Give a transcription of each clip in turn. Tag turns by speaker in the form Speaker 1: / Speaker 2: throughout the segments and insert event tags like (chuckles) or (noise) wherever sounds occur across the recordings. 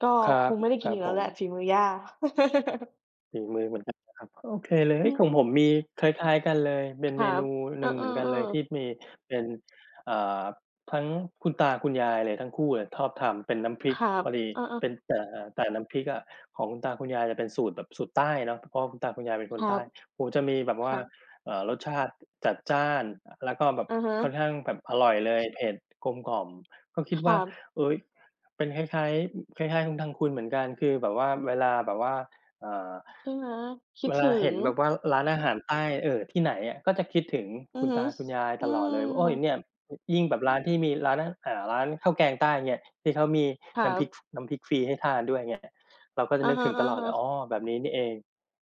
Speaker 1: ก็
Speaker 2: ครั
Speaker 1: ค
Speaker 2: บ
Speaker 1: งไม่ได้
Speaker 2: ค
Speaker 1: กิ
Speaker 2: ร
Speaker 1: น
Speaker 2: ั
Speaker 1: อ
Speaker 2: บ
Speaker 1: ีกแล
Speaker 2: ผ
Speaker 1: ้วแหละ
Speaker 2: ม
Speaker 1: ฝีมือย่า (chuckles)
Speaker 2: ฝีมือ เหมือนกันนะครับ ก็โอเคเลย
Speaker 1: อื
Speaker 2: ของ
Speaker 1: ม
Speaker 2: ผมมีคล้าย ๆ กันเลย เป็
Speaker 1: ค
Speaker 2: นเ
Speaker 1: ร
Speaker 2: ม
Speaker 1: ั
Speaker 2: น
Speaker 1: บ
Speaker 2: ู
Speaker 1: เอ
Speaker 2: หน
Speaker 1: อ
Speaker 2: ึ่งเหมือนกั
Speaker 1: ๆ
Speaker 2: น
Speaker 1: เออ
Speaker 2: เลยที่มีเป็น อ่า ทั้งคุณตาคุณยายเลยทั้งคู่เลยชอบทำเป็น น้ำพริ
Speaker 1: ค
Speaker 2: ก
Speaker 1: รั
Speaker 2: พ
Speaker 1: บ
Speaker 2: อดี
Speaker 1: เออ
Speaker 2: เป
Speaker 1: ๆ
Speaker 2: ็น อ่า แต่น้ำพริกอะของคุณตาคุณยายจะเป็นสูตรแบบสูตรใต้เนาะ เพราะว่าคุณตาคุณยายเป็น
Speaker 1: ค
Speaker 2: คน
Speaker 1: รั
Speaker 2: ใต้
Speaker 1: บ
Speaker 2: โอ้โฮ จะมีแบบ
Speaker 1: ค
Speaker 2: ว่
Speaker 1: ร
Speaker 2: า
Speaker 1: ับ
Speaker 2: เอ่อ รสชาติ จัดจ้าน อ แล้วก็แบบ
Speaker 1: อะฮะ
Speaker 2: ค่อนข้างแบบอร่อยเลย เผ็ด กลมกล่อม ก็คิด
Speaker 1: ค
Speaker 2: ว
Speaker 1: ร
Speaker 2: ่
Speaker 1: ั
Speaker 2: า
Speaker 1: บ
Speaker 2: เอ๊ย เป็นคล้าย ๆ อ คล้าย ๆ ของทางคุณเหมือนกัน คือแบบว่า เวลาแบบว่า เอ่อ
Speaker 1: ใช่ไหม? คิด
Speaker 2: เวล
Speaker 1: ถึ
Speaker 2: าเห็
Speaker 1: ง
Speaker 2: นแบบว่าร้านอาหารใต้ เอ่อ ที่ไหนอะ ก็จะคิดถึง
Speaker 1: อื
Speaker 2: คุ
Speaker 1: อ
Speaker 2: ณ
Speaker 1: ฮ
Speaker 2: ต
Speaker 1: ึ
Speaker 2: าคุณยาย
Speaker 1: อื
Speaker 2: ตลอดเลยว่า โอ๊ย เ
Speaker 1: ม
Speaker 2: นี่ย อ ยิ่งแบบร้านที่มีร้าน อ อ่า ร้านข้าวแกงใต้เนี่ย ที่เขามี
Speaker 1: คร
Speaker 2: น้ำพร
Speaker 1: ั
Speaker 2: ิก
Speaker 1: บ
Speaker 2: ฟ น้ำพริกฟรีให้ทานด้วย อย่างเงี้ย เราก็จ
Speaker 1: อ
Speaker 2: ะ
Speaker 1: ะ
Speaker 2: นึกถึงตลอด
Speaker 1: ฮ
Speaker 2: เล
Speaker 1: ะ
Speaker 2: ย "อ้
Speaker 1: ๆ
Speaker 2: อ แบบนี้นี่เอง"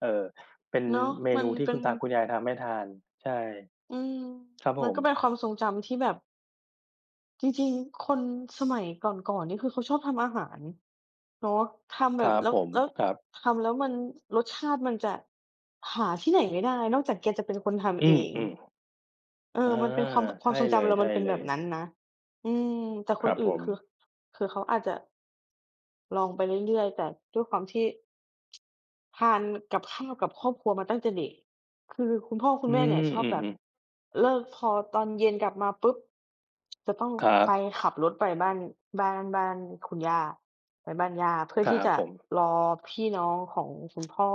Speaker 2: เอ่อ เป็น
Speaker 1: เนาะ
Speaker 2: เม
Speaker 1: มั
Speaker 2: นู
Speaker 1: น
Speaker 2: ที
Speaker 1: เ
Speaker 2: ่
Speaker 1: ป็
Speaker 2: คุณ
Speaker 1: น
Speaker 2: ตาคุณยายทำให้ทาน ใช่
Speaker 1: อืม
Speaker 2: ครับ
Speaker 1: ม
Speaker 2: ผ
Speaker 1: ันก็เป็
Speaker 2: ม
Speaker 1: นความทรงจำที่แบบ จริง ๆ คนสมัยก่อน ๆ นี่ คือเขาชอบทำอาหารเนาะ ทำ
Speaker 2: ค
Speaker 1: แบ
Speaker 2: รั
Speaker 1: บ
Speaker 2: บ
Speaker 1: แล้
Speaker 2: ผ
Speaker 1: ว
Speaker 2: ม
Speaker 1: แล้ว
Speaker 2: ครับ
Speaker 1: ทำแล้วมัน รสชาติมันจะหาที่ไหนไม่ได้นอกจากแกจะ เป็นคนท
Speaker 2: อื
Speaker 1: ำเอ
Speaker 2: อ
Speaker 1: ง เออ
Speaker 2: ๆ เออ
Speaker 1: มันเป็นความ อ ค
Speaker 2: ใ
Speaker 1: ว
Speaker 2: ช
Speaker 1: าม
Speaker 2: ่
Speaker 1: ทรง
Speaker 2: เ
Speaker 1: จำเรามันเป็น
Speaker 2: ล
Speaker 1: แบ
Speaker 2: ย
Speaker 1: บน
Speaker 2: ๆ
Speaker 1: ั้นนะ อืม แต่
Speaker 2: ค
Speaker 1: ค
Speaker 2: ร
Speaker 1: น
Speaker 2: ับ
Speaker 1: อื
Speaker 2: ผ
Speaker 1: ่นค
Speaker 2: ม
Speaker 1: ือ คือเขาอาจจะ องไปเรื่อย ๆ แต่ด้วยความที่ ทานกับข้าวกับครอบครัวมาตั้งแต่เด็ก คือคุณพ่อคุ
Speaker 2: อ
Speaker 1: ณ
Speaker 2: ื
Speaker 1: แม่เนี่ย
Speaker 2: ม
Speaker 1: ชอ
Speaker 2: อ
Speaker 1: บ
Speaker 2: ื
Speaker 1: แบบ
Speaker 2: อ ๆ
Speaker 1: เลิก พอตอนเย็นกลับมาปุ๊บ จะต้อง
Speaker 2: คร
Speaker 1: ไป
Speaker 2: ับ
Speaker 1: ขับรถไปบ้าน บ้าน บ้านคุณย่า ไปบ้านย่าเพื่อ
Speaker 2: คร
Speaker 1: ท
Speaker 2: ั
Speaker 1: ี่
Speaker 2: บ
Speaker 1: จะ
Speaker 2: ผม
Speaker 1: รอพี่น้องของคุณพ่อ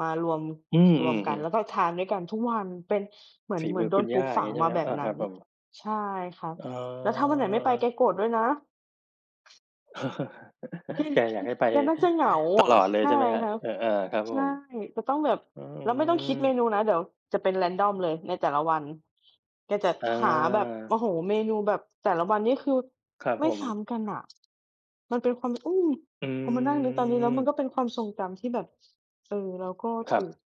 Speaker 1: มารวม
Speaker 2: อือ
Speaker 1: ร
Speaker 2: อื
Speaker 1: วมกัน
Speaker 2: อ
Speaker 1: แล้
Speaker 2: ๆ
Speaker 1: วก็ทานด้วยกันทุกวัน เป็นเหมือ
Speaker 2: ฝ
Speaker 1: น
Speaker 2: ี
Speaker 1: เหมื
Speaker 2: ม
Speaker 1: อ
Speaker 2: ื
Speaker 1: น
Speaker 2: อ
Speaker 1: โด
Speaker 2: คุ
Speaker 1: น
Speaker 2: ณ
Speaker 1: ป
Speaker 2: ย
Speaker 1: ลู
Speaker 2: ่า
Speaker 1: ก
Speaker 2: อ
Speaker 1: ฝ
Speaker 2: ย่า
Speaker 1: ั
Speaker 2: งน
Speaker 1: ง
Speaker 2: ี้ใช่ไ
Speaker 1: ม
Speaker 2: หม
Speaker 1: า
Speaker 2: คร
Speaker 1: แ
Speaker 2: ั
Speaker 1: บ
Speaker 2: บ?
Speaker 1: บ
Speaker 2: อ่า
Speaker 1: นั
Speaker 2: ค
Speaker 1: ้
Speaker 2: รับ
Speaker 1: น
Speaker 2: ผม
Speaker 1: ใช่ครับ
Speaker 2: อ๋อ
Speaker 1: แล้วถ้าวันไหนไม่ไป
Speaker 2: อ๋
Speaker 1: แก
Speaker 2: อ
Speaker 1: โกรธด้วยนะ
Speaker 2: (chuckles)
Speaker 1: แก ก
Speaker 2: แกอยากให้ไป
Speaker 1: แกน่าจะเหงา
Speaker 2: ต
Speaker 1: อะ
Speaker 2: ลอดเล
Speaker 1: ใ
Speaker 2: ย
Speaker 1: ช
Speaker 2: ใ
Speaker 1: ่
Speaker 2: ช่ไหมครั
Speaker 1: ค
Speaker 2: บ?
Speaker 1: รับ
Speaker 2: เออ อา ครับ
Speaker 1: ใช
Speaker 2: ผ
Speaker 1: ่
Speaker 2: ม
Speaker 1: จะต้องแบบ
Speaker 2: อื
Speaker 1: แล้วไม่ต้องคิดเม
Speaker 2: ม
Speaker 1: นูนะ เดี๋ยวจะเป็น Random เลยในแต่ละวัน แกจะ
Speaker 2: อ
Speaker 1: หาแบบ โอ
Speaker 2: า
Speaker 1: ้โฮ เมนูแบบ แต่ละวันนี่คือ
Speaker 2: ครับ
Speaker 1: ไม
Speaker 2: ผ
Speaker 1: ่
Speaker 2: ม
Speaker 1: ซ้ำกันน่ะ มันเป็น ความ อืม
Speaker 2: อื
Speaker 1: พอมานั่งนึกตอนนี้แล้วมัน
Speaker 2: ม
Speaker 1: ก็เป็นความทรงจำที่แบบ เออ เราก็ถ
Speaker 2: ครั
Speaker 1: ู
Speaker 2: บ
Speaker 1: ก